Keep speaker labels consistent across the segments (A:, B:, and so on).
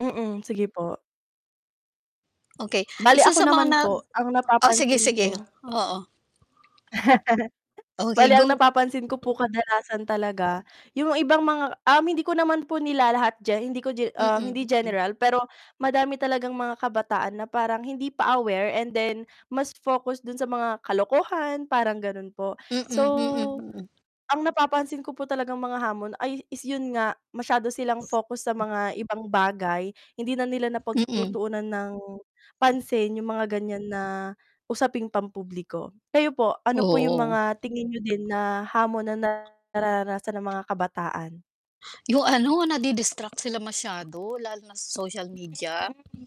A: Mm, sige po.
B: Okey,
A: Bale
B: isa
A: ako
B: sa mga
A: naman
B: nag
A: po, ang
B: oh,
A: napapansin
B: sige-sige,
A: ko
B: oo. Okey,
A: Bale, ang
B: go.
A: napapansin ko po kadalasan talaga yung ibang mga um, hindi ko naman po nilalahat ge hindi ko ge um, hindi
B: Mm, mm.
A: general pero madami talagang mga kabataan na parang hindi pa aware and then mas focus do'n sa mga kalokohan, parang gano'n po.
B: Mm,
A: So,
B: mm, mm.
A: ang napapansin ko po talagang mga hamon ay is 'yun nga masyado silang focus sa mga ibang bagay, hindi na nila
B: Mm.
A: napagtutuunan ng pansin yung mga ganyan na usaping pampubliko. Kayo po, ano po yung
B: Oo.
A: mga tingin niyo din na hamon na nararanasan ng mga kabataan?
B: Yung ano, nadidistract sila masyado, lalo na sa social media.
A: Mm.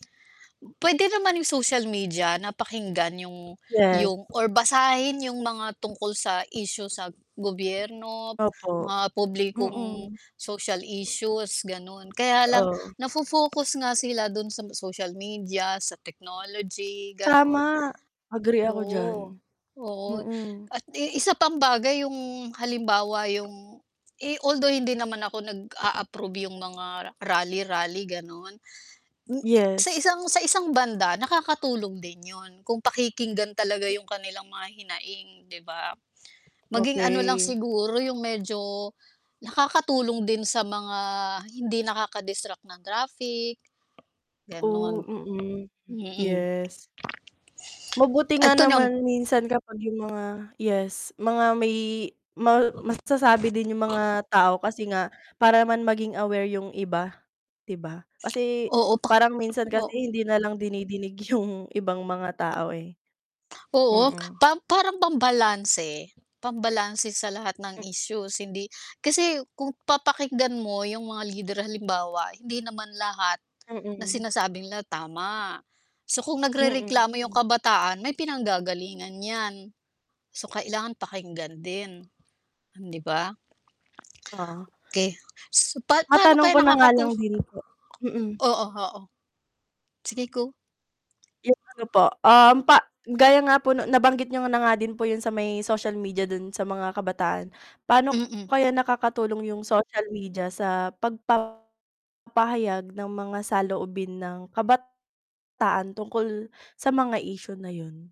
B: Puwede naman yung social media na pakinggan yung
A: Yes.
B: yung or basahin yung mga tungkol sa issue sa gobyerno,
A: Opo,
B: mga publikong
A: mm.
B: social issues, gano'n. Kaya lang,
A: Oo.
B: nafo-focus nga sila do'n sa ma social media, sa technology, gano'n.
A: Tama, agree ako diyan.
B: Oo, oo.
A: Mm.
B: At i isa pang bagay yung halimbawa yung eh, although hindi naman ako nag-a-approve yung mga rally, rally, gano'n. M sa
A: Yes.
B: isang sa isang banda nakakatulong din 'yun kung pakikinggan talaga yung kanilang mga hinaing, 'di ba? Maging ano lang
A: Okey.
B: siguro yung medyo nakakatulong din sa mga hindi nakaka-distract na graphic. Gano'n.
A: Oh, mm.
B: Mm.
A: Yes. Mabuti nga
B: 'Eto nam
A: naman minsan kapag yung mga yes, mga may ma masasabi din yung mga tao kasi nga para naman maging aware yung iba, 'di ba? Kasi,
B: Oo, pa
A: parang minsan
B: o
A: kasi hindi nalang dinidinig yung ibang mga tao, eh.
B: Oo,
A: Mm.
B: pa parang pambalanse, pambalanse sa lahat ng
A: M
B: issues hindi kasi kung papakinggan mo yung mga leader halimbawa hindi naman lahat na
A: Mm.
B: sinasabi nila tama. So, kung
A: Mm,
B: nagrereklamo yung
A: hmm.
B: kabataan, may pinanggagalingan 'yan. So, kailangan pakinggan din, 'di ba?
A: Oh.
B: 'Key. So pa paano
A: Matanong
B: kaya
A: ko na nga
B: nakakatu
A: lang din po mm.
B: Oo, oo. Sige, go.
A: Yung ano po, um, pa gaya nga po 'no nabanggit niyo na nga din po yung sa may social media do'n sa mga kabataan. Pa'no po
B: Mm.
A: kaya nakakatulong yung social media sa pagpapahayag ng mga saloobin ng kabataan tungkol sa mga issue na 'yun?